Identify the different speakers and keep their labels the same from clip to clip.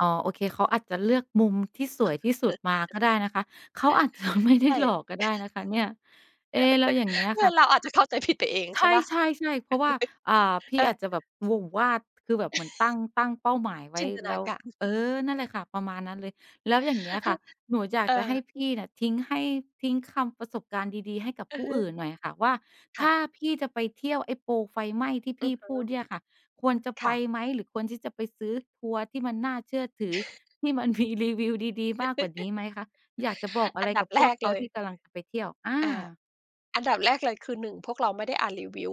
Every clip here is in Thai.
Speaker 1: อ๋อ โอเค เขาอาจจะเลือกมุมที่สวยที่สุดมาก็ได้นะคะ เขาอาจจะ ไม่ไ
Speaker 2: ใ
Speaker 1: ด้
Speaker 2: ช่
Speaker 1: หลอก ก็ได้นะคะนี่ เอ๊! แล้วอย่างเงี้ย
Speaker 2: เนี
Speaker 1: ค
Speaker 2: ่
Speaker 1: ่
Speaker 2: ย
Speaker 1: ะ
Speaker 2: เราอาจจะเข้าใจผิดไปเอง
Speaker 1: ใ
Speaker 2: ใช่เปล่า?
Speaker 1: ช่ ๆ ๆ เพราะว่า เอ่อ พี่
Speaker 2: อา
Speaker 1: อาจจะแบบวง วาด คือแบบเหมือนตั้ง ตั้งเป้าหมายไว
Speaker 2: จ
Speaker 1: ้
Speaker 2: ินตน
Speaker 1: แล
Speaker 2: า
Speaker 1: ้ว
Speaker 2: การ
Speaker 1: เออ นั่นแหละค่ะ ประมาณนั้นเลย แล้ว
Speaker 2: ฮ
Speaker 1: อย่างเงี้ยค่ะ หนูอยา
Speaker 2: เ
Speaker 1: ก
Speaker 2: อ
Speaker 1: จะให
Speaker 2: อ
Speaker 1: ้พี่น่ะทิ้งให้ ทิ้งคำประสบการณ์ดี ๆ ให้กับ
Speaker 2: อื
Speaker 1: ผู
Speaker 2: อ
Speaker 1: ้
Speaker 2: ฮึ
Speaker 1: อื่นหน่อยอะค่ะว่า
Speaker 2: ค
Speaker 1: ถ
Speaker 2: ่
Speaker 1: ้า
Speaker 2: ะ
Speaker 1: พี่จะไปเที่ยวไอ้โปรไฟไหม้ ที่
Speaker 2: อ
Speaker 1: พ
Speaker 2: ื
Speaker 1: ี่
Speaker 2: อฮึ
Speaker 1: พูดเนี่ยค่ะ ควรจะ
Speaker 2: ค
Speaker 1: ไป
Speaker 2: ่ะ
Speaker 1: ไหม หรือควรที่จะไปซื้อทัวร์ที่มันน่าเชื่อถือ ที่มันมีรีวิวดี ๆ มากกว่านี้ไหมคะ? อยากจะบอกอะ
Speaker 2: อั
Speaker 1: ไร
Speaker 2: นด
Speaker 1: ก
Speaker 2: ั
Speaker 1: ั
Speaker 2: บ
Speaker 1: บ
Speaker 2: แ
Speaker 1: พ
Speaker 2: ร
Speaker 1: วก
Speaker 2: ก
Speaker 1: เข
Speaker 2: เ
Speaker 1: า
Speaker 2: ลย
Speaker 1: ที่กำลังจะไปเที่ยว อ
Speaker 2: อา
Speaker 1: า
Speaker 2: อันดับแรกเลยคือหนึ่ง พวกเราไม่ได้อ่านรีวิว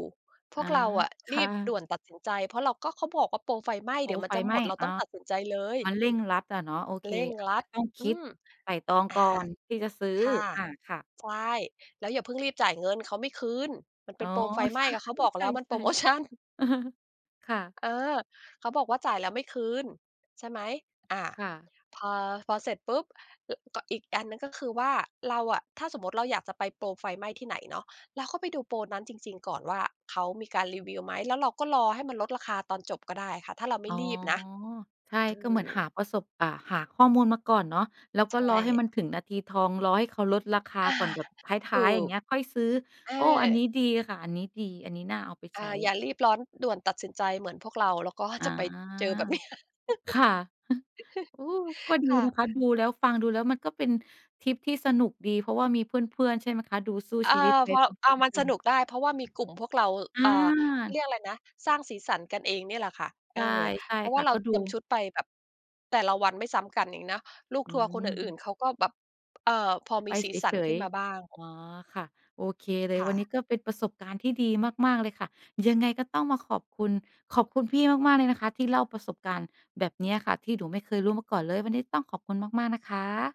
Speaker 2: พ
Speaker 1: อ๋
Speaker 2: ว
Speaker 1: อ
Speaker 2: กเราอะ
Speaker 1: ค
Speaker 2: รี
Speaker 1: ่
Speaker 2: บด
Speaker 1: ะ
Speaker 2: ่วนตัดสินใจ เพราะเรา ก็เขาบอกว่าโปรไฟไหม้
Speaker 1: โป
Speaker 2: เด
Speaker 1: ร
Speaker 2: ี๋ยวมั
Speaker 1: ไ
Speaker 2: น
Speaker 1: ฟ
Speaker 2: จะ
Speaker 1: ไห
Speaker 2: ห
Speaker 1: ม
Speaker 2: ม
Speaker 1: ้
Speaker 2: ด เรา
Speaker 1: อ
Speaker 2: ต้
Speaker 1: า
Speaker 2: องตัดสินใจเลย
Speaker 1: มันเร่งรัดอะเนาะ โอเค
Speaker 2: เร่ง
Speaker 1: อัน
Speaker 2: ร
Speaker 1: นี้
Speaker 2: ัด
Speaker 1: ก็ต้อง
Speaker 2: อ
Speaker 1: ค
Speaker 2: ื
Speaker 1: ิด
Speaker 2: ม
Speaker 1: ไตร่ตรอง
Speaker 2: อา
Speaker 1: ก่อนที่จะซื้อ
Speaker 2: ค่ะ
Speaker 1: อา ค่ะ
Speaker 2: ใช่ แล้วอย่าเพิ่งรีบจ่ายเงิน เขาไม่คืน มันเ
Speaker 1: อ
Speaker 2: ป
Speaker 1: ๋
Speaker 2: ็
Speaker 1: อ
Speaker 2: นโปรไฟไห
Speaker 1: ใ
Speaker 2: ม
Speaker 1: ช
Speaker 2: ้ ก็เขาบอกแล้
Speaker 1: ่
Speaker 2: วมัน
Speaker 1: ใช
Speaker 2: เป็
Speaker 1: ่
Speaker 2: นโพรโมชัน
Speaker 1: ๆ เออ ค่ะ
Speaker 2: เออ เขาบอกว่า "จ่ายแล้วไม่คืน" ใช่ไหม อ่า
Speaker 1: ค่ะ
Speaker 2: พอ พอเสร็จปุ๊บ ล ก อีกอันหนึ่งก็คือว่า เราอะ ถ้าสมมุติเราอยากจะไปโปรไฟไหม้ที่ไหนเนาะ เราก็ไปดูโปรนั้นจริง ๆ ก่อนว่าเขามีการรีวิวไหม แล้วเราก็รอให้มันลดราคาตอนจบก็ได้ค่ะ ถ้าเราไม่
Speaker 1: อ๋อ
Speaker 2: รีบนะ
Speaker 1: ใช่
Speaker 2: อื
Speaker 1: ก็เหมือนห
Speaker 2: ม
Speaker 1: าประสบ อ่า หาข้อมูลมาก่อนเนาะ แล้ว
Speaker 2: ใ
Speaker 1: ก
Speaker 2: ช
Speaker 1: ็รอให้
Speaker 2: ่
Speaker 1: มันถึงนาทีทอง รอให้เขาลดราคา
Speaker 2: อา
Speaker 1: ก่อน แบบท
Speaker 2: ถ
Speaker 1: ้
Speaker 2: ู
Speaker 1: าย ๆ อย่าง
Speaker 2: ก
Speaker 1: เงี้ย ค่อยซื้อ
Speaker 2: เอ
Speaker 1: โอ้! อันนี
Speaker 2: อ
Speaker 1: ้ดีค่ะ อันนี้ดี อันนี้น่าเอาไป
Speaker 2: อ
Speaker 1: ใ
Speaker 2: า
Speaker 1: ช
Speaker 2: อย่
Speaker 1: ้
Speaker 2: ารีบร้อนด่วนตัดสินใจเหมือนพวกเรา แล้วก็
Speaker 1: อ
Speaker 2: จ
Speaker 1: า
Speaker 2: ะไปเจอแบบนี้
Speaker 1: ค่ะ โอ้! ก็ดี
Speaker 2: ค่ะ
Speaker 1: นะคะ ดูแล้ว ฟังดูแล้ว มันก็เป็นทริปที่สนุกดี เพราะว่ามีเพื่อน ๆ ใช่ไหมคะ ดูสู้
Speaker 2: อา
Speaker 1: ชีวิตไป
Speaker 2: พอ
Speaker 1: พร้อ
Speaker 2: อา
Speaker 1: ม
Speaker 2: มัน
Speaker 1: ๆ กั
Speaker 2: สน
Speaker 1: น
Speaker 2: ุกได้ เพราะว่ามีกลุ่มพวกเรา อ่า เขา
Speaker 1: อ
Speaker 2: เ
Speaker 1: า
Speaker 2: รียกอะไรนะ สร้างสีสันกันเองเนี่ยแหละค่ะ
Speaker 1: ใ
Speaker 2: เ
Speaker 1: ช
Speaker 2: ออ
Speaker 1: ่ ใช่
Speaker 2: เพราะว
Speaker 1: ค
Speaker 2: ่
Speaker 1: ่
Speaker 2: า
Speaker 1: ะ
Speaker 2: เรา
Speaker 1: ก็
Speaker 2: เต
Speaker 1: ดู
Speaker 2: รียมชุดไปแบบแต่ละวันไม่ซ้ำกันนี่นะ ลูก
Speaker 1: อื
Speaker 2: ทัวร์คนอื่น
Speaker 1: ม
Speaker 2: ๆ เขาก็แบบ เอ่อ พอม
Speaker 1: ไ
Speaker 2: ี
Speaker 1: ป
Speaker 2: สี
Speaker 1: เ
Speaker 2: สั
Speaker 1: ฉ
Speaker 2: นข
Speaker 1: ย
Speaker 2: ึ้นมาบ้าง
Speaker 1: ๆ อ๋อ ค่ะ โอเคเลย
Speaker 2: ค่
Speaker 1: วันน
Speaker 2: ะ
Speaker 1: ี้ก็เป็นประสบการณ์ที่ดีมาก ๆ เลยค่ะ ยังไงก็ต้องมาขอบคุณ ขอบคุณพี่มาก ๆ เลยนะคะที่เล่าประสบการณ์แบบเนี้ยค่ะที่หนูไม่เคยรู้มาก่อนเลย วันนี้ต้องขอบคุณมาก ๆ นะคะ